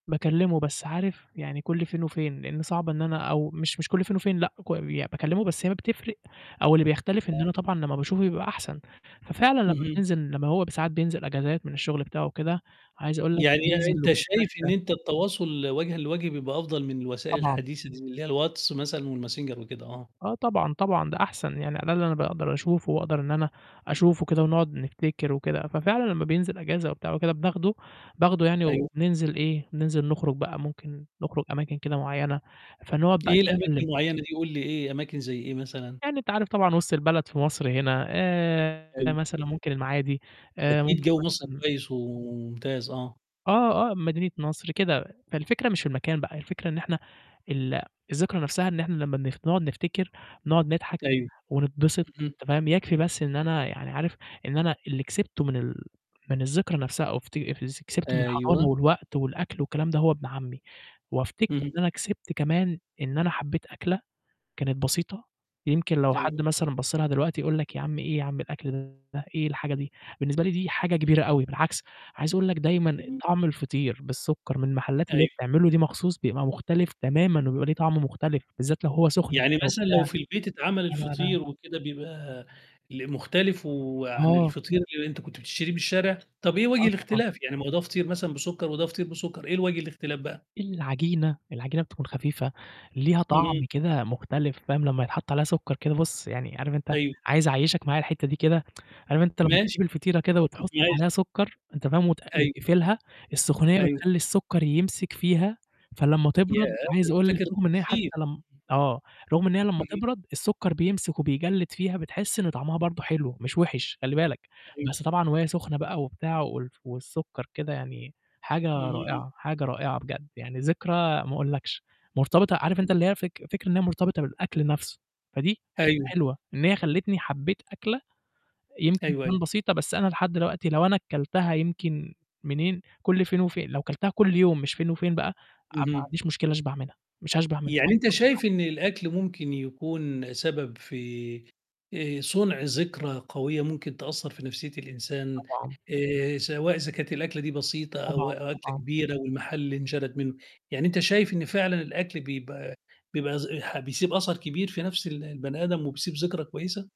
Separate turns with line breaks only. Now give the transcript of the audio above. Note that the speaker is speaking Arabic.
باكلمه، بس عارف يعني كُلّ فين وفين، لإن صعب إن أنا أو مش مش كُلّ فين وفين لأ، ك باكلمه، بس هي ما بتفرق أو اللي بيختلف إن
آه.
أنا طبعًا لمّا باشوفه بيبقى أحسن، ففعلًا لمّا
اهم.
بننزل لمّا هو ب ساعات بينزل إجازات من الشغل بتاعه وكده، عايز أقول لك
يعني
بننزل
أنت شايف إن
وبنتمشى.
أنت التواصل وجهًا لوجه بيبقى أفضل من الوسائل
طبعًا.
الحديثة دي اللي هي الواتس مثلًا والماسنجر وكده، آه.
آه طبعًا، طبعًا ده أحسن، يعني على الاقل أنا باقدر أشوفه، وأقدر إن أنا أشوفه كده، ونقعد نفتكر وكده، ففعلًا لمّا بينزل إجازة وبتاع وكده بناخده، باخده يعني
أيوه.
وبننزل إيه، بننزل نخرج بقى، ممكن نخرج أماكن كده معيّنة، فنقعد بقى
إيه
نتكلم.
الأماكن المعيّنة دي، قُل لي إيه، أماكن زي إيه مثلًا؟
يعني أنت عارف طبعًا وسط البلد في مصر هنا، آآ
حلو.
مثلًا ممكن المعادي، آآ
أكيد
ممكن
جَوّ مصر
مثلًا
كويس وممتاز، آه.
آه، آه مدينة نصر كده، فالفكرة مش في المكان بقى، الفكرة إن إحنا ال الذكرى نَفْسَها إن إحنا لمّا نخ نقعد نفتكر، نقعد نضحك،
أيوه،
ونتبسط
اهم.
تمام، يكفي بس إن أنا يعني عارف إن أنا اللي كسبته من ال من الذكرى نَفْسَها أو فتي ز كسبته من الحضانة
أيوه.
والوقت والأكل والكلام ده هو ابن عمي، وأفتكر
اهم.
إن أنا كسبت كمان، إن أنا حبيت أكلة كانت بسيطة، يمكن لو حد
أيوه.
مثلًا بَصّ لها دلوقتي يقُول لك يا عم إيه يا عم الأكل ده؟ إيه الحاجة دي؟ بالنسبة لي دي حاجة كبيرة أوي، بالعكس عايز أقُول لك دايمًا
جميل.
طعم الفطير بالسُكّر من المحلّات اللي هي
أيوه.
بتعملُه دي مخصوص بيبقى مختلف تمامًا، وبيبقى ليه طعم مختلف، بالذات لو هو سخن
يعني
كده
مثلًا لو
وبتاع،
في البيت اتعمل
أنا أنا
الفطير وكده بيبقى ل مختلف وعن
آه.
الفطير اللي أنت كنت بتشتريه من الشارع؟ طَب إيه وجه
آه طبعًا.
الاختلاف، يعني ما هو ده فطير مثلًا بسُكّر وده فطير بسُكّر، إيه الوجه الاختلاف بقى؟
العجينة، العجينة بتكون خفيفة، ليها
اهم.
طعم كده مختلف فاهم، لمّا يتحط عليها سُكّر كده بُصّ، يعني عارف أنت
أيوه.
عايز أعيّشك معايا الحتّه دي كده، عارف أنت لمّا
ماشي،
تجيب الفطيرة كده وتحط عليها
ماشي.
سُكّر، أنت فاهم، وت
أيوه.
وتقفلها، السخونيّة
أيوه.
بتخلّي السُكّر يمسك فيها، فلمّا
ياه!
تبرد
ده
عايز
أنت
أقُول لك
فاكر
رغم إن هي حتى
التفاصيل.
لمّ آه، رغم إن هي لمّا
اهم.
تبرد السُكّر بيمسك وبيجلّد فيها بتحس إن طعمها برضه حلو، مش وِحِش خلّي بالك،
أيوه.
بس طبعًا وهي سخنة بقى وبتاع وال والسُكّر كده يعني حاجة
اهم.
رائعة، حاجة رائعة بجد، يعني ذكرى ما أقولكش، مرتبطة عارف أنت اللي هي فك فكرة إن هي مرتبطة بالأكل نَفْسُه، فدي حتّة
أيوه.
حلوة إن هي خلِّتني حبيت أكلة، يمكن
أيوه،
تبان
أيوه.
بسيطة، بس أنا لحد دوقتي لو أنا كلتها يمكن منين كُلّ فين وفين، لو كلتها كُلّ يوم مش فين وفين بقى، أنا ما
اهم.
عنديش مشكلة أشبع منها، مش هاشبع منها
يعني أنت
[unintelligible]
شايف إن الأكل ممكن يكون سبب في آآ صُنع ذكرى قوية ممكن تأثّر في نَفسيّة الإنسان
طبعًا.
آآ، سواء إذا كانت الأكلة دي بسيطة،
طبعًا،
أو أكلة
طبعًا.
كبيرة، والمحل اللي انشَرَت مِنّه، يعني أنت شايف إن فعلًا الأكل بيبقى بيبقى زح بيسيب أثر كبير في نَفْس ال البني آدم وبيسيب ذكرى كويسة؟